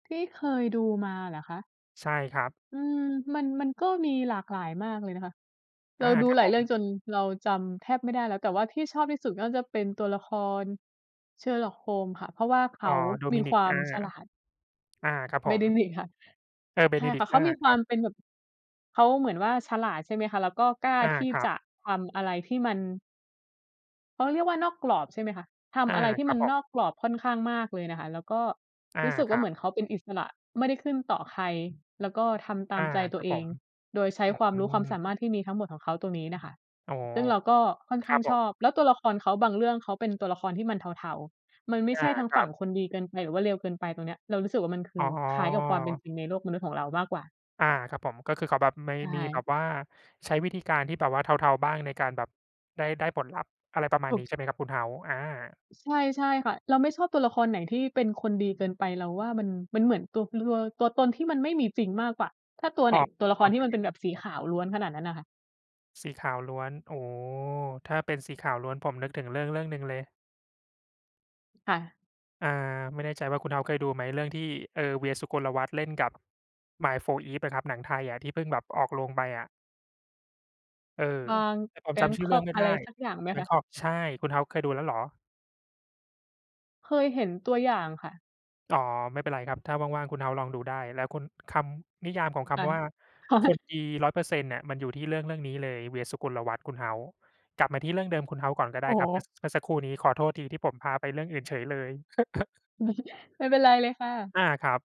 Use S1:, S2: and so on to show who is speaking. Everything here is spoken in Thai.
S1: ที่เคยดูมาเหรอคะ?
S2: ใช่ครับ
S1: อืม มัน มันก็มีหลากหลายมากเลยนะคะ เร
S2: อ
S1: า
S2: า
S1: ดู
S2: ครับ
S1: หลา
S2: ผ
S1: ยเรื่อ
S2: ม
S1: งจนเราจำแทบไม่ได้แล้ว แต่ที่ชอบที่สุดก็จะเป็นตัวละคร Sherlock Holmes ค่ะ เพราะว่าเข
S2: อ๋
S1: า
S2: อ
S1: มีค
S2: Dominic
S1: วา
S2: อ
S1: ม
S2: า
S1: ฉลาด
S2: อา ครับผม
S1: Benedict ค่ะ
S2: เออ
S1: ใช่ค่ะ
S2: Benedict
S1: เข
S2: อ
S1: า
S2: า
S1: มีค
S2: ค
S1: ว
S2: ร
S1: า
S2: ั
S1: มเป็นแบ
S2: บ
S1: บ เขาเหมือนว่าฉลาด ใช่ไหมคะ แล้วก็กล้า
S2: อา
S1: ที่
S2: ครั
S1: จ
S2: บ
S1: ะทำอะไรที่มัน เขาเรียกว่านอกกรอบใช่ไหมคะ ท
S2: อา
S1: ำอะไรที่
S2: ครั
S1: มั
S2: บ
S1: น
S2: ผ
S1: นอ
S2: ม
S1: กกรอบค่อนข้างมากเลยน่ะค่ะ แล้วก็
S2: อา
S1: รู้สึก
S2: ค
S1: ว่
S2: ร
S1: า
S2: ั
S1: เหม
S2: บ
S1: ือนเขาเป็นอิสระไม่ได้ขึ้นต่อใคร แล้วก็ทำต
S2: อ
S1: าม
S2: า
S1: ใจต
S2: ค
S1: ั
S2: ร
S1: ว
S2: ับ
S1: เอ
S2: ผ
S1: ง
S2: ม
S1: โดยใช้
S2: อ
S1: ความ
S2: ื
S1: รู้ความสามา
S2: ม
S1: รถที่มีทั้งหมดของเขาตรงนี้น่ะค่ะ
S2: อ๋อ
S1: ซึ่งเราก็ค่อน
S2: ค
S1: ข
S2: ร
S1: ้
S2: ั
S1: าง
S2: บผ
S1: ช
S2: ม
S1: อบ แล้วตัวละครเขาบางเรื่องเขาเป็นตัวละครที่มันเทา ๆ มันไม่
S2: อ
S1: ใช
S2: า
S1: ่ทั้ง
S2: คร
S1: ฝ
S2: ั
S1: ั่ง
S2: บ
S1: คนดีเกินไป หรือว่าเลวเกินไป ตรงเนี้ยเรารู้สึกว่ามันค
S2: อ๋
S1: ือคล้ายกับความเป็น
S2: อ
S1: จริงในโลกมนุษย์ของเรามากกว่า
S2: อา ครับผม ก็คือเขาแบบไม่
S1: ใช
S2: มีแบ
S1: ่
S2: บว่า ใช้วิธีการที่แบบว่าเทา ๆ บ้างในการแบบได้ ได้ผลลัพธ์ อะไรประม
S1: ถ
S2: าณ
S1: ู
S2: นี้ ใ
S1: ก
S2: ช่ไหม ครับคุณ House อา
S1: ใช่ ใช่ค่ะ เราไม่ชอบตัวละครไหนที่เป็นคนดีเกินไป เราว่ามัน มันเหมือนตัว ลัว ตัวตนที่มันไม่มีจริงมากกว่า ถ้าตัว
S2: อ
S1: ไ
S2: ๋
S1: หน
S2: อ
S1: ตัวละ
S2: ๆ
S1: ค
S2: ค
S1: รที่มัน
S2: ร
S1: เป
S2: ับ
S1: ็นแบบสีขาวล้วนขนาดนั้นน่ะค่ะ
S2: สีขาวล้วน โอ้ ถ้าเป็นสีขาวล้วนผมนึกถึงเรื่อง ๆ หนึ่งเลย
S1: ค่ะ
S2: อ่า ไม่แน่ใจว่าคุณ House เคยดูไหม เรื่องที่ เอ่อ เวียร์ สุกลวัฒน์ เล่นกับ มายด์ 4EVE อะครับ หนังไทยอะที่เพิ่งแบบออกโรงไปอะ เออ
S1: บาง
S2: แต่ผมจำชื่อเรื่อ
S1: Bangkok
S2: งไม่
S1: อ
S2: ไ
S1: ะ
S2: ด
S1: ไ
S2: ้
S1: รสักอย่างไหมคะ?
S2: Bangkok ใช่ คุณ House เคยดูแล้วเหรอ?
S1: เคยเห็นตัวอย่างค่ะ
S2: อ๋อ ไม่เป็นไรครับ ถ้าว่าง ๆ คุณ House ลองดูได้ แล้วคุณ คำนิยามของค
S1: ค่ะ
S2: ำว่าคนดี 100% เนี่ย มันอยู่ที่เรื่อง ๆ นี้เลย เวียร์ สุกุลวัฒน์ คุณ House กลับมาที่เรื่องเดิมคุณ House ก่อนก็ไ
S1: โ
S2: ด้
S1: อ้
S2: คร
S1: โ
S2: ับ เ
S1: ฮ
S2: มื่อ ส เมื่อสักครู่นี้ขอโทษทีที่ผมพาไปเรื่องอื่นเฉยเลย
S1: ไม่เป็นไรเลยค่ะ
S2: อา ครับ